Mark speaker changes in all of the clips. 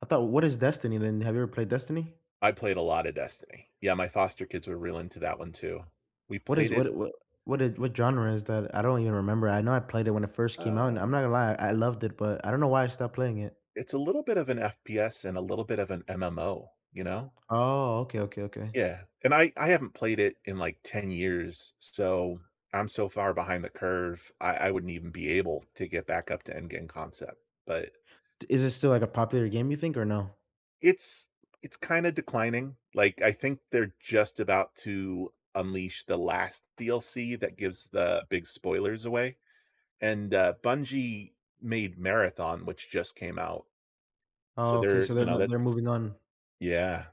Speaker 1: I thought what is Destiny then? Have you ever played Destiny?
Speaker 2: I played a lot of Destiny. Yeah, my foster kids were really into that one too. We
Speaker 1: What is
Speaker 2: played it
Speaker 1: what what what is what genre is that? I don't even remember, I know I played it when it first came out, and I'm
Speaker 2: Uh
Speaker 1: not gonna lie, I loved it, but I don't know why I stopped playing it.
Speaker 2: It's a little bit of an FPS and a little bit of an MMO, you know?
Speaker 1: Oh, okay, okay, okay.
Speaker 2: Yeah, and I I haven't played it in, like, 10 years, s so, I'm so far behind the curve, I I wouldn't even be able to get back up to end game concept, but
Speaker 1: Is this still, like, a popular game, you think, or no?
Speaker 2: It's it's kinda declining, like, I think they're just about to unleash the last DLC that gives the big spoilers away, and, uh, Bungie made Marathon, which just came out. So
Speaker 1: Okay,
Speaker 2: they're
Speaker 1: so they're
Speaker 2: you know,
Speaker 1: n they're
Speaker 2: that's
Speaker 1: moving on.
Speaker 2: yeah.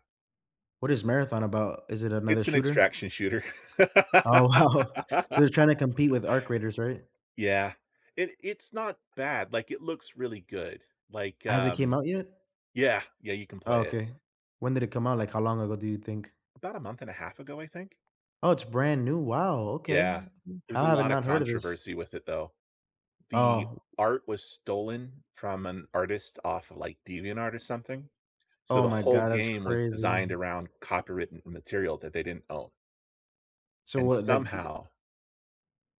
Speaker 1: What is Marathon about? Is it another
Speaker 2: It's an
Speaker 1: shooter?
Speaker 2: extraction shooter.
Speaker 1: Oh, wow. So, they're trying to compete with Arc Raiders, right?
Speaker 2: Yeah. It it's not bad, like, it looks really good, like,
Speaker 1: Has it came
Speaker 2: um
Speaker 1: out yet?
Speaker 2: Yeah, yeah, you can play it.
Speaker 1: Okay, when did it come out, like, how long ago do you think?
Speaker 2: About a month and a 1/2 ago, I think.
Speaker 1: Oh, it's brand new, wow, okay.
Speaker 2: Yeah, there's
Speaker 1: How
Speaker 2: a
Speaker 1: have I
Speaker 2: lot of
Speaker 1: not heard of this?
Speaker 2: controversy with it though. The
Speaker 1: Oh.
Speaker 2: art was stolen from an artist off of, like, DeviantArt or something. So,
Speaker 1: Oh
Speaker 2: the
Speaker 1: my
Speaker 2: whole
Speaker 1: god, that's
Speaker 2: game was designed
Speaker 1: crazy.
Speaker 2: around copywritten material that they didn't own.
Speaker 1: So
Speaker 2: And
Speaker 1: what, like, did they
Speaker 2: somehow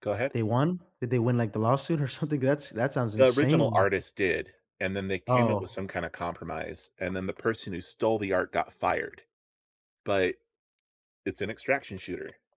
Speaker 2: Go ahead.
Speaker 1: They won? Did they win, like, the lawsuit or something? That's that sounds
Speaker 2: The original
Speaker 1: insane.
Speaker 2: artist did, and then they came up with
Speaker 1: Oh.
Speaker 2: some kind of compromise, and then the person who stole the art got fired, but it's an extraction shooter.